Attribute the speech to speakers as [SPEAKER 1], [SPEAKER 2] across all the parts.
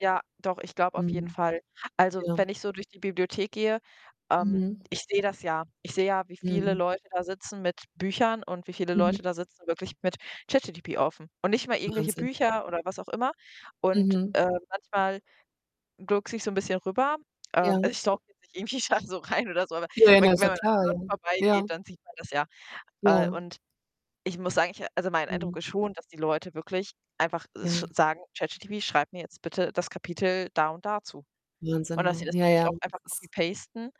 [SPEAKER 1] Ja, doch, ich glaube auf jeden
[SPEAKER 2] Mhm.
[SPEAKER 1] Fall. Also,
[SPEAKER 2] Ja.
[SPEAKER 1] wenn ich so durch die Bibliothek gehe ähm,
[SPEAKER 2] Mhm.
[SPEAKER 1] ich sehe das ja. Ich sehe ja, wie viele
[SPEAKER 2] Mhm.
[SPEAKER 1] Leute da sitzen mit Büchern und wie viele Leute
[SPEAKER 2] Mhm.
[SPEAKER 1] da sitzen wirklich mit ChatGPT offen und nicht mal irgendwelche
[SPEAKER 2] Wahnsinn.
[SPEAKER 1] Bücher oder was auch immer. Und,
[SPEAKER 2] Mhm.
[SPEAKER 1] ähm, manchmal gluckse ich so 'n bisschen rüber.
[SPEAKER 2] Ja.
[SPEAKER 1] Ähm, also, ich stalke jetzt nicht irgendwie da so rein oder so, aber,
[SPEAKER 2] Ja,
[SPEAKER 1] wenn
[SPEAKER 2] na ist
[SPEAKER 1] wenn
[SPEAKER 2] doch
[SPEAKER 1] man an den
[SPEAKER 2] klar, ja.
[SPEAKER 1] Leuten
[SPEAKER 2] Ja.
[SPEAKER 1] vorbeigeht, dann sieht man das ja. Äh,
[SPEAKER 2] Ja.
[SPEAKER 1] und ich muss sagen ich also, mein
[SPEAKER 2] Mhm.
[SPEAKER 1] Eindruck ist schon, dass die Leute wirklich einfach sch
[SPEAKER 2] Ja.
[SPEAKER 1] sagen: „ChatGPT, schreib mir jetzt bitte das Kapitel da und da zu.“ Und
[SPEAKER 2] Wahnsinn,
[SPEAKER 1] dass sie
[SPEAKER 2] ne?
[SPEAKER 1] das
[SPEAKER 2] Ja,
[SPEAKER 1] wirklich
[SPEAKER 2] ja.
[SPEAKER 1] auch einfach
[SPEAKER 2] Das ist
[SPEAKER 1] copy-pasten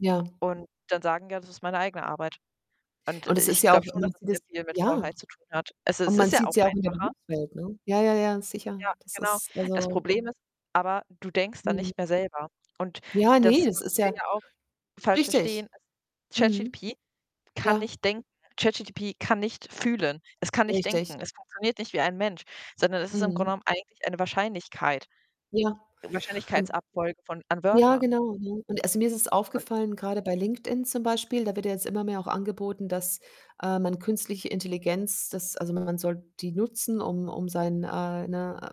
[SPEAKER 2] Ja.
[SPEAKER 1] und dann sagen: „Ja, das ist meine eigene Arbeit.“ Und
[SPEAKER 2] Und es ist
[SPEAKER 1] ich
[SPEAKER 2] ja auch
[SPEAKER 1] glaube
[SPEAKER 2] man
[SPEAKER 1] schon, dass
[SPEAKER 2] sieht
[SPEAKER 1] das
[SPEAKER 2] das
[SPEAKER 1] sehr viel mit
[SPEAKER 2] ja.
[SPEAKER 1] Faulheit zu tun hat. Es i
[SPEAKER 2] Und
[SPEAKER 1] es
[SPEAKER 2] man
[SPEAKER 1] ist ja
[SPEAKER 2] sieht's
[SPEAKER 1] auch
[SPEAKER 2] ja auch in der
[SPEAKER 1] einfacher.
[SPEAKER 2] Berufswelt, ne? Ja, ja, ja, sicher.
[SPEAKER 1] Ja,
[SPEAKER 2] Das
[SPEAKER 1] genau.
[SPEAKER 2] ist,
[SPEAKER 1] Das
[SPEAKER 2] also
[SPEAKER 1] Problem ist aber, du denkst dann
[SPEAKER 2] Mhm.
[SPEAKER 1] nicht mehr selber. Und
[SPEAKER 2] Ja, ne,
[SPEAKER 1] das
[SPEAKER 2] das
[SPEAKER 1] was
[SPEAKER 2] ist
[SPEAKER 1] wir
[SPEAKER 2] ja
[SPEAKER 1] ja auch falsch verstehen,
[SPEAKER 2] richtig.
[SPEAKER 1] ist
[SPEAKER 2] Mhm.
[SPEAKER 1] ChatGPT kann
[SPEAKER 2] Ja.
[SPEAKER 1] nicht denken, ChatGPT kann nicht fühlen. Es kann nicht
[SPEAKER 2] Richtig.
[SPEAKER 1] denken. Es funktioniert nicht wie ein Mensch, sondern es ist im Grunde
[SPEAKER 2] Mhm.
[SPEAKER 1] genommen eigentlich eine Wahrscheinlichkeit
[SPEAKER 2] Ja. Und
[SPEAKER 1] Wahrscheinlichkeitsabfolge von an
[SPEAKER 2] ja,
[SPEAKER 1] Wörtern.
[SPEAKER 2] genau, ne? Und also, mir ist es
[SPEAKER 1] Und
[SPEAKER 2] aufgefallen, grade bei LinkedIn zum Beispiel, da wird ja jetzt immer mehr auch angeboten, dass, ähm, man künstliche Intelligenz dass also, man soll die nutzen, um um sein, äh, ne,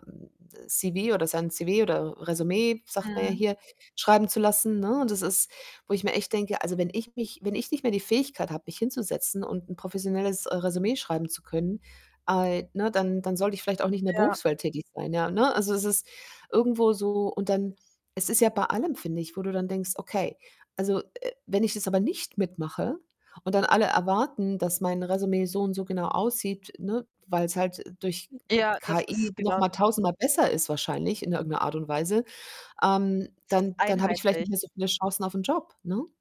[SPEAKER 2] äh, CV oder sein CV oder Résumé, sagt man ja
[SPEAKER 1] Mhm.
[SPEAKER 2] hier, schreiben zu lassen, ne? Und das ist wo ich mir echt denke: „Also, wenn ich mich wenn ich nicht mehr die Fähigkeit habe, mich hinzusetzen und 'n professionelles, äh, Résumé schreiben zu können, al ne, dann dann sollte ich vielleicht auch nicht in der
[SPEAKER 1] Ja.
[SPEAKER 2] Berufswelt tätig sein, ja, ne?“ Also, es ist irgendwo so und dann es ist ja bei allem, finde ich, wo du dann denkst: „Okay, also, äh, wenn ich jetzt aber nicht mitmache und dann alle erwarten, dass mein Résumé so und so genau aussieht, ne, weil's halt durch
[SPEAKER 1] Ja, das
[SPEAKER 2] KI
[SPEAKER 1] ist
[SPEAKER 2] noch
[SPEAKER 1] genau
[SPEAKER 2] mal tausendmal besser ist wahrscheinlich in irgend 'ner Art und Weise, ähm,
[SPEAKER 1] es ist
[SPEAKER 2] dann dann habe ich vielleicht
[SPEAKER 1] einheitlich.
[SPEAKER 2] nicht mehr so viele Chancen auf 'n Job”, ne?